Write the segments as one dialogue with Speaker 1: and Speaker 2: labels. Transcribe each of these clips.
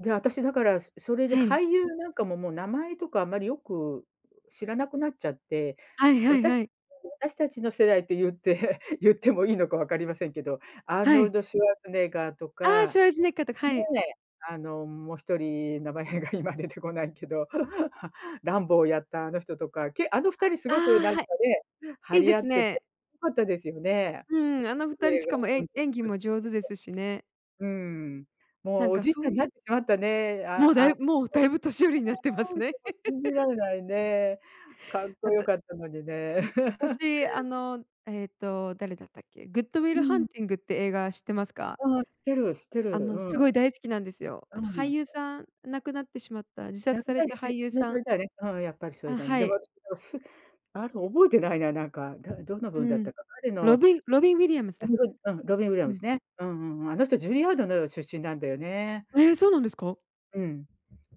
Speaker 1: で、私だからそれで
Speaker 2: はい。
Speaker 1: 俳優なんかももう名前とかあまりよく知らなくなっちゃって、
Speaker 2: はいはい
Speaker 1: 私
Speaker 2: はい。
Speaker 1: 私たちの世代って言って言ってもいいのかわかりませんけど、アー
Speaker 2: は
Speaker 1: ノル
Speaker 2: い。
Speaker 1: ド・シュワルツェネッガーと
Speaker 2: ああ、
Speaker 1: か、
Speaker 2: シュワルツェネッガーとか、
Speaker 1: ね
Speaker 2: はい。
Speaker 1: え、あの、もう1人名前が今出てこないけど、ランボーやったあの人とか、けあの2人す
Speaker 2: あ
Speaker 1: ごくなん
Speaker 2: あ、
Speaker 1: か
Speaker 2: は
Speaker 1: ね、
Speaker 2: い。
Speaker 1: 張
Speaker 2: いい
Speaker 1: り
Speaker 2: で
Speaker 1: 合
Speaker 2: す
Speaker 1: ってて、
Speaker 2: ね。
Speaker 1: 良かったですよね。
Speaker 2: うん、あの2人しかも、え演技 も上手ですしね。
Speaker 1: うん。も
Speaker 2: な
Speaker 1: う
Speaker 2: ん
Speaker 1: お
Speaker 2: か
Speaker 1: じい
Speaker 2: そ
Speaker 1: ちゃんに
Speaker 2: う。
Speaker 1: なってしまったね、あ
Speaker 2: もう
Speaker 1: あ、
Speaker 2: だ
Speaker 1: あ。
Speaker 2: いぶもう
Speaker 1: そう。
Speaker 2: だいぶ年寄りになってますね。
Speaker 1: 信じ られないね。かっこ
Speaker 2: あ
Speaker 1: よ
Speaker 2: と。
Speaker 1: かったのにね。うん。
Speaker 2: 私、あの、えっと、誰だったっけ。グッド・ウィ
Speaker 1: う
Speaker 2: ル・ハン
Speaker 1: ん。
Speaker 2: ティングって映画知ってますか？
Speaker 1: ああ、知ってる知ってる、
Speaker 2: あのす
Speaker 1: う
Speaker 2: ご
Speaker 1: ん。
Speaker 2: い大好きなんですよ。
Speaker 1: う
Speaker 2: あの俳
Speaker 1: ん。
Speaker 2: 優さん亡くなってしまった。自
Speaker 1: やっ
Speaker 2: 殺され
Speaker 1: ぱり
Speaker 2: た
Speaker 1: じゅ
Speaker 2: 俳優さん。
Speaker 1: だね、うん、やっぱりそれ
Speaker 2: あ、
Speaker 1: だね。
Speaker 2: は
Speaker 1: でも。
Speaker 2: い。
Speaker 1: あの覚えてないな、なんか、たどんな
Speaker 2: う
Speaker 1: 分だっ
Speaker 2: ん。
Speaker 1: たか、彼
Speaker 2: ロ
Speaker 1: の。
Speaker 2: ビロビン・ウィリアムズだ。
Speaker 1: うん、ロビン・ウィリア
Speaker 2: う
Speaker 1: ム
Speaker 2: ん。
Speaker 1: ズね。うんうんうん、あの人ジュリーアードの出身なんだよね。
Speaker 2: ええ、そうなんですか？
Speaker 1: うん。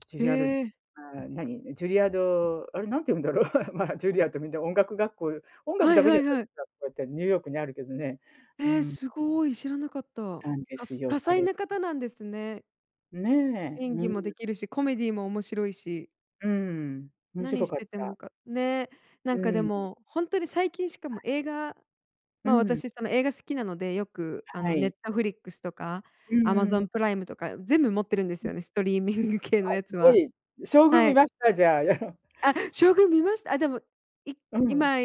Speaker 1: ジュ
Speaker 2: へ
Speaker 1: リアード、
Speaker 2: え。
Speaker 1: ああ、何。ジュリアード、あれ何て言うんだろう。ま、ジュリアードみんな音楽学校音楽
Speaker 2: は
Speaker 1: だ
Speaker 2: い
Speaker 1: け
Speaker 2: は
Speaker 1: じゃ
Speaker 2: いはい。
Speaker 1: ないってニューヨークにあるけどね。う
Speaker 2: ええ、
Speaker 1: ん。
Speaker 2: すごい知らなかった。
Speaker 1: たんで
Speaker 2: た
Speaker 1: すよ、
Speaker 2: 多彩
Speaker 1: 彼。
Speaker 2: な方なんですね。
Speaker 1: ねえ、
Speaker 2: 演
Speaker 1: う
Speaker 2: 技も
Speaker 1: ん。
Speaker 2: できるし、コメディーも面白いし。
Speaker 1: うん、面
Speaker 2: 何
Speaker 1: 白
Speaker 2: し
Speaker 1: かっ
Speaker 2: てて
Speaker 1: た。
Speaker 2: もかね、な
Speaker 1: う
Speaker 2: んかで
Speaker 1: ーん。
Speaker 2: も本当に最近しかも
Speaker 1: あ。
Speaker 2: 映画
Speaker 1: う
Speaker 2: まあ、
Speaker 1: ん。
Speaker 2: 私その映画好きなのでよくあ
Speaker 1: は
Speaker 2: の、
Speaker 1: い。
Speaker 2: Netflix とか
Speaker 1: うんうん。
Speaker 2: Amazon プライムとか全部持ってるんです
Speaker 1: うん。
Speaker 2: よね、ストリーミング系
Speaker 1: あ、
Speaker 2: のや
Speaker 1: す
Speaker 2: つ
Speaker 1: ご
Speaker 2: は。
Speaker 1: い、将軍
Speaker 2: は
Speaker 1: 見
Speaker 2: い。
Speaker 1: ました？じゃ。
Speaker 2: あ、将軍見ました。あ、でも、い
Speaker 1: うん。
Speaker 2: 今、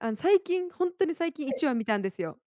Speaker 2: あの最近本当に最近
Speaker 1: は
Speaker 2: い
Speaker 1: い。
Speaker 2: ちわ見たんですよ。